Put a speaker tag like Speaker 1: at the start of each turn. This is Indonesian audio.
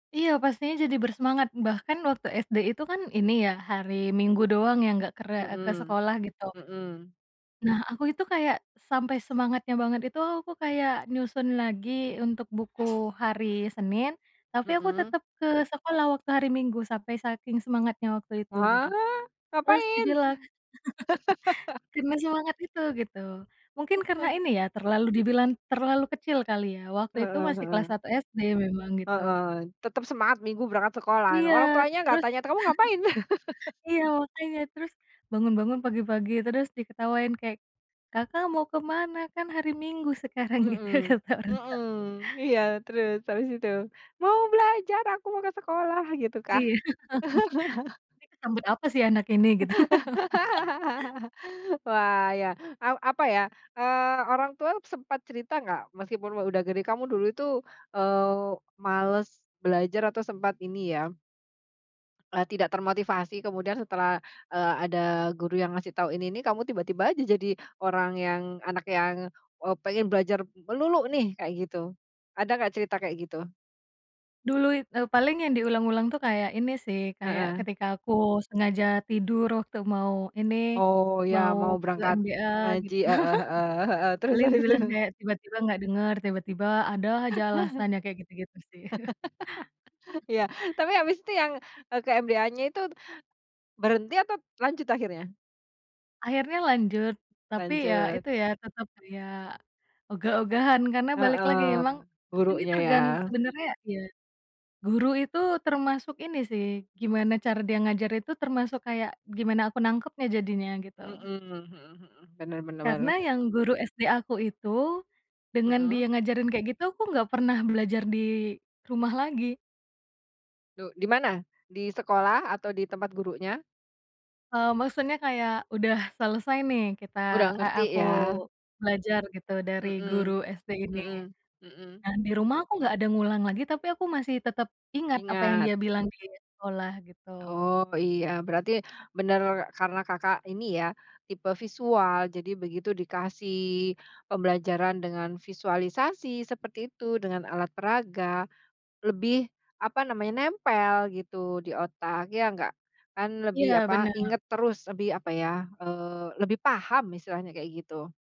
Speaker 1: Iya pastinya jadi bersemangat bahkan waktu SD itu kan ini ya hari Minggu doang ya enggak ker eee, ke
Speaker 2: Mhm
Speaker 1: sekolah gitu.
Speaker 2: mhm.
Speaker 1: Nah aku itu kayak, sampai semangatnya banget itu aku kayak nyusun lagi untuk buku hari Senin, tapi aku
Speaker 2: Mhm.
Speaker 1: tetap ke sekolah waktu hari Minggu sampai saking semangatnya waktu itu gitu.
Speaker 2: Wah
Speaker 1: Terus
Speaker 2: ngapain?
Speaker 1: dibilang karena semangat itu gitu, mungkin karena ini ya terlalu dibilang terlalu kecil kali ya waktu itu
Speaker 2: Heeh
Speaker 1: masih kelas
Speaker 2: heeh.
Speaker 1: 1 SD memang gitu.
Speaker 2: Heeh, tetap semangat Minggu berangkat sekolah
Speaker 1: Iya
Speaker 2: orang tuanya nggak
Speaker 1: terus,
Speaker 2: tanya kamu ngapain?
Speaker 1: iya makanya terus, bangun-bangun pagi-pagi terus diketawain kayak, "Kakak mau kemana? Kan hari Minggu sekarang." Gitu
Speaker 2: Mhm
Speaker 1: kata orang tua.
Speaker 2: mhm, iya terus habis itu mau belajar aku mau ke sekolah gitu
Speaker 1: Iya,
Speaker 2: kah?
Speaker 1: nih kesambet apa sih anak ini gitu.
Speaker 2: Wah ya a apa ya, eee, orang tua sempat cerita nggak meskipun udah gede kamu dulu itu, eee, males belajar atau sempat ini ya eee, tidak termotivasi kemudian setelah, eee, ada guru yang ngasih tahu ini nih kamu tiba-tiba jadi orang yang anak yang, eee, pengen belajar melulu nih kayak gitu, ada nggak cerita kayak gitu?
Speaker 1: Dulu i eee, paling yang diulang-ulang tuh kayak ini sih kayak
Speaker 2: Heeh.
Speaker 1: ketika aku sengaja tidur waktu mau ini,
Speaker 2: Oh ya
Speaker 1: mau
Speaker 2: mau
Speaker 1: ke
Speaker 2: berangkat,
Speaker 1: MBA
Speaker 2: ngaji
Speaker 1: gitu
Speaker 2: heeh heeh heeh terus
Speaker 1: paling
Speaker 2: terus
Speaker 1: dibilang
Speaker 2: terus.
Speaker 1: kayak tiba-tiba nggak denger tiba-tiba ada aja alasannya kayak gitu-gitu sih.
Speaker 2: Iya tapi habis itu yang, eee, ke MBA-nya itu, berhenti atau lanjut akhirnya?
Speaker 1: Akhirnya lanjut, tapi ya
Speaker 2: Lanjut.
Speaker 1: itu ya tetap kayak, ogah-ogahan karena balik lagi
Speaker 2: Heeh,
Speaker 1: emang, aku ini
Speaker 2: buruknya ya?
Speaker 1: tergan sebenarnya ya, guru itu termasuk ini sih gimana cara dia ngajar itu termasuk kayak gimana aku nangkapnya jadinya gitu.
Speaker 2: Mhm mhm mhm, bener bener
Speaker 1: Karena
Speaker 2: banget.
Speaker 1: yang guru SD aku itu, dengan
Speaker 2: Mhm.
Speaker 1: dia ngajarin kayak gitu aku nggak pernah belajar di, rumah lagi.
Speaker 2: Duk di mana? Di sekolah atau di tempat gurunya?
Speaker 1: Eee, maksudnya kayak udah selesai nih kita
Speaker 2: Udah
Speaker 1: e
Speaker 2: ngerti
Speaker 1: aku
Speaker 2: ya?
Speaker 1: belajar gitu dari guru
Speaker 2: Mhm
Speaker 1: SD ini,
Speaker 2: mhm mhm.
Speaker 1: nah di rumah aku nggak ada ngulang lagi tapi aku masih tetap ingat apa yang
Speaker 2: Ingat.
Speaker 1: dia bilang di sekolah gitu.
Speaker 2: Oh iya berarti, bener karena Kakak ini ya tipe visual jadi begitu dikasih, pembelajaran dengan visualisasi seperti itu dengan alat peraga, lebih, apa namanya nempel gitu di otak ya nggak, kan lebih
Speaker 1: Iya
Speaker 2: apa
Speaker 1: bener.
Speaker 2: inget terus lebih apa ya, eee, lebih paham istilahnya kayak gitu.